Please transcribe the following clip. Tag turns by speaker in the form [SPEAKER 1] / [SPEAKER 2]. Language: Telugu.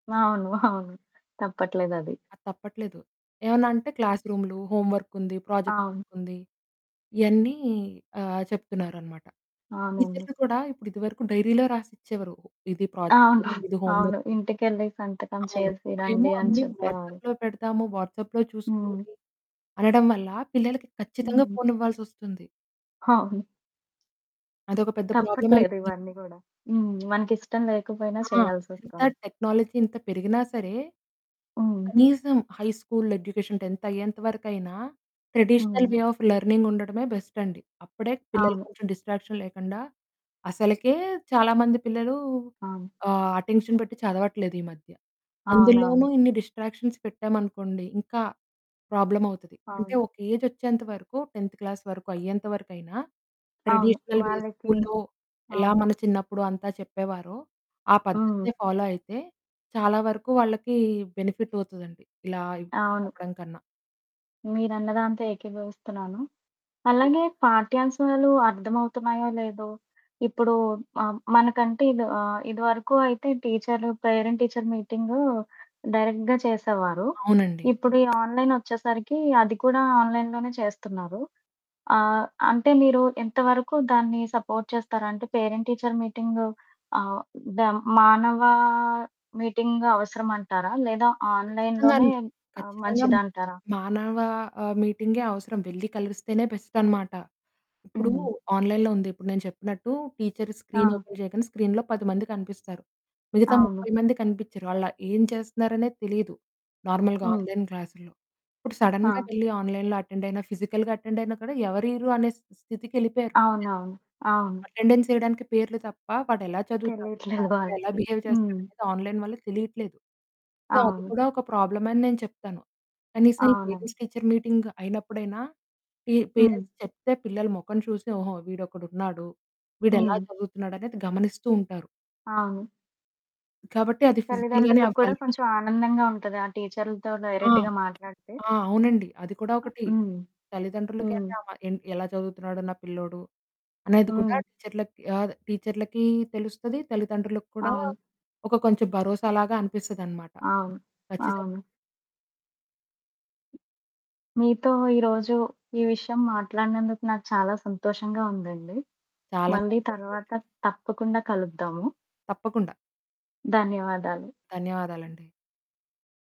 [SPEAKER 1] అవును, అవును. తప్పట్లేదది.
[SPEAKER 2] అది తప్పట్లేదు. ఏమన్నా అంటే క్లాసురూములు, హోంవర్కుంది, ప్రాజెక్ట్
[SPEAKER 1] అవును.
[SPEAKER 2] వర్కుంది. ఇవన్నీ ఆహ్, చెప్తున్నారన్నమాట.
[SPEAKER 1] అవునండి.
[SPEAKER 2] టీచర్లు కూడా ఇప్పుడు ఇదివరకు డైరీలో రాసిచ్చేవారు. ఇది ప్రాజెక్ట్,
[SPEAKER 1] అవును,
[SPEAKER 2] ఇది
[SPEAKER 1] అవును.
[SPEAKER 2] హోంవర్క్.
[SPEAKER 1] ఇంటికెళ్లి సంతకం
[SPEAKER 2] అవును.
[SPEAKER 1] చేసి
[SPEAKER 2] ఇప్పుడేమో
[SPEAKER 1] రండి అని
[SPEAKER 2] అన్ని
[SPEAKER 1] చెప్పేవారు.
[SPEAKER 2] వాట్సాప్‌లో పెడతాము, వాట్సాప్‌లో
[SPEAKER 1] హ్మ్.
[SPEAKER 2] చూసుకోండి, అనడం వల్ల పిల్లలకి ఖచ్చితంగా
[SPEAKER 1] హ్మ్.
[SPEAKER 2] ఫోనివ్వాల్సోస్తుంది.
[SPEAKER 1] అవును.
[SPEAKER 2] అదొక పెద్ద
[SPEAKER 1] తప్పట్లేదు.
[SPEAKER 2] ప్రాబ్లమైపోయింది.
[SPEAKER 1] ఇవన్నీ కూడా.
[SPEAKER 2] పెద్ద
[SPEAKER 1] మనకిష్టం లేకపోయినా
[SPEAKER 2] ఆ! ఎంత
[SPEAKER 1] చేయాల్సోస్తుంది.
[SPEAKER 2] టెక్నాలజీ ఇంత పెరిగినా సరే,
[SPEAKER 1] హ్మ్.
[SPEAKER 2] కనీసం హై స్కూల్ ఎడ్యుకేషన్ 10థ్ అయ్యేంత వరకైనా ట్రెడిషనల్
[SPEAKER 1] హ్మ్.
[SPEAKER 2] వే ఆఫ్ లెర్నింగ్ ఉండడమే బెస్ట్ అండి. అప్పుడే పిల్లలకి
[SPEAKER 1] అవును.
[SPEAKER 2] కొంచెం డిస్ట్రాక్షన్ లేకుండా అసలకే చాలా మంది పిల్లలు
[SPEAKER 1] అవును.
[SPEAKER 2] ఆహ్, అటెన్షన్ పెట్టి చదవట్లేదు ఈ మధ్య. అందులోనూ
[SPEAKER 1] అవునవును.
[SPEAKER 2] ఇన్ని డిస్ట్రాక్షన్స్ పెట్టామనుకోండి, ఇంకా ప్రాబ్లమ్ అవుతది. అంటే
[SPEAKER 1] అవును.
[SPEAKER 2] ఒక ఏజ్ వచ్చేంత వరకు, 10థ్ క్లాస్ వరకు అయ్యేంత వరకైనా
[SPEAKER 1] అవును.
[SPEAKER 2] ట్రెడిషనల్ వే
[SPEAKER 1] వాళ్ళకి
[SPEAKER 2] స్కూలులో ఎలా
[SPEAKER 1] అవును.
[SPEAKER 2] మన చిన్నప్పుడు అంతా చెప్పేవారో, ఆ
[SPEAKER 1] ఆ!
[SPEAKER 2] పద్ధతిని ఫాలో అయితే చాలా వరకు వాళ్ళకి బెనిఫిట్ అవుతదండి ఇలా
[SPEAKER 1] అవును.
[SPEAKER 2] చెప్పడం కన్నా.
[SPEAKER 1] మీరన్నదాంతో ఏకీభవిస్తున్నాను. అలాగే పాఠ్యాంశాలు అర్థమవుతున్నాయో లేదో ఇప్పుడు ఆహ్, మనకంటే ఆహ్, ఇది వరకు అయితే టీచర్లు పేరెంట్ టీచర్ మీటింగ్ డైరెక్ట్‌గా చేసేవారు.
[SPEAKER 2] అవునండి.
[SPEAKER 1] ఇప్పుడు ఈ ఆన్లైన్ వచ్చేసరికి అది కూడా ఆన్లైన్‌లోనే చేస్తున్నారు. ఆహ్, అంటే మీరు ఎంత వరకు దాన్ని సపోర్ట్ చేస్తారా? అంటే పేరెంట్ టీచర్ మీటింగ్ ఆహ్, దా మానవ మీటింగ్ అవసరం అంటారా? లేదా
[SPEAKER 2] కచ్చితంగా
[SPEAKER 1] ఆన్లైన్‌లోనే
[SPEAKER 2] అండి, ఖచ్చితంగా.
[SPEAKER 1] మంచిదంటారా?
[SPEAKER 2] మానవ ఆహ్, మీటింగే అవసరం. వెళ్లి కలిస్తేనే బెస్ట్ అనమాట. ఇప్పుడు
[SPEAKER 1] హ్మ్.
[SPEAKER 2] ఆన్లైన్‌లో ఉంది. ఇప్పుడు నేను చెప్పినట్టు టీచర్ స్క్రీన్
[SPEAKER 1] ఆ!
[SPEAKER 2] ఓపెన్ చెయ్యగానే స్క్రీన్‌లో 10 మంది కనిపిస్తారు. మిగతా
[SPEAKER 1] అవును.
[SPEAKER 2] 30 మంది కనిపించరు. వాళ్ళు ఏం చేస్తున్నారనే తెలీదు. నార్మల్‌గా
[SPEAKER 1] హ్మ్.
[SPEAKER 2] ఆన్లైన్ క్లాస్‌లో ఇప్పుడు సడెన్‌గా
[SPEAKER 1] ఆ!
[SPEAKER 2] వెళ్లి ఆన్లైన్‌లో అటెండ్ అయినా, ఫిజికల్‌గా అటెండ్ అయినా కూడా ఎవరీరు అనే స్థి స్థితికెళ్లిపోయారు.
[SPEAKER 1] అవునవును. అవును.
[SPEAKER 2] [unintelligible] అటెండెన్స్ వేయడానికి పేర్లు తప్ప, వాడెలా చదువుతాడు,
[SPEAKER 1] తెలియట్లేదు
[SPEAKER 2] క్లాస్‌లో ఎలా
[SPEAKER 1] వాళ్ళకి.
[SPEAKER 2] బిహేవ్
[SPEAKER 1] హ్మ్.
[SPEAKER 2] చేస్తాడనేది ఆన్లైన్ వల్ల తెలియట్లేదు. సో అది
[SPEAKER 1] అవును.
[SPEAKER 2] కూడా ఒక ప్రాబ్లమే అని నేను చెప్తాను. కనీసం ఈ
[SPEAKER 1] అవునండి.
[SPEAKER 2] పేరెంట్స్ టీచర్ మీటింగ్ అయినప్పుడైనా పీ
[SPEAKER 1] హ్మ్.
[SPEAKER 2] పేరెంట్స్ చెప్తే పిల్లలు మొఖం చూసి, "ఓహో! వీడొకడున్నాడు. వీడెలా
[SPEAKER 1] హ్మ్.
[SPEAKER 2] చదువుతున్నాడు?" అనేది గమనిస్తూ ఉంటారు.
[SPEAKER 1] అవును.
[SPEAKER 2] కాబట్టి అది ఫిజికల్‌గానే
[SPEAKER 1] తల్లిదండ్రులకి కూడా
[SPEAKER 2] అవ్వాలి.
[SPEAKER 1] కొంచెం ఆనందంగా ఉంటది. ఆ టీచర్లతో
[SPEAKER 2] ఆ!
[SPEAKER 1] డైరెక్ట్‌గా మాట్లాడితే.
[SPEAKER 2] ఆ! అవునండి. అది కూడా ఒకటి.
[SPEAKER 1] హ్మ్. హ్మ్.
[SPEAKER 2] తల్లిదండ్రులకైన "ఎలా చదువుతున్నాడు నా పిల్లోడు?" అనేది కూడా
[SPEAKER 1] హ్మ్.
[SPEAKER 2] టీచర్లకి గా టీచర్లకి తెలుస్తది. తల్లిదండ్రులకు కూడా
[SPEAKER 1] అవును.
[SPEAKER 2] కొంచెం భరోసాలాగా అనిపిస్తదనమాట.
[SPEAKER 1] అవును,
[SPEAKER 2] ఖచ్చితంగా.
[SPEAKER 1] అవును. మీతో ఈరోజు ఈ విషయం మాట్లాడినందుకు నాకు చాలా సంతోషంగా ఉందండి.
[SPEAKER 2] చాలా
[SPEAKER 1] మళ్ళీ
[SPEAKER 2] సంతోషమండి.
[SPEAKER 1] తరువాత తప్పకుండా కలుద్దాము.
[SPEAKER 2] తప్పకుండా.
[SPEAKER 1] ధన్యవాదాలు.
[SPEAKER 2] ధన్యవాదాలండీ.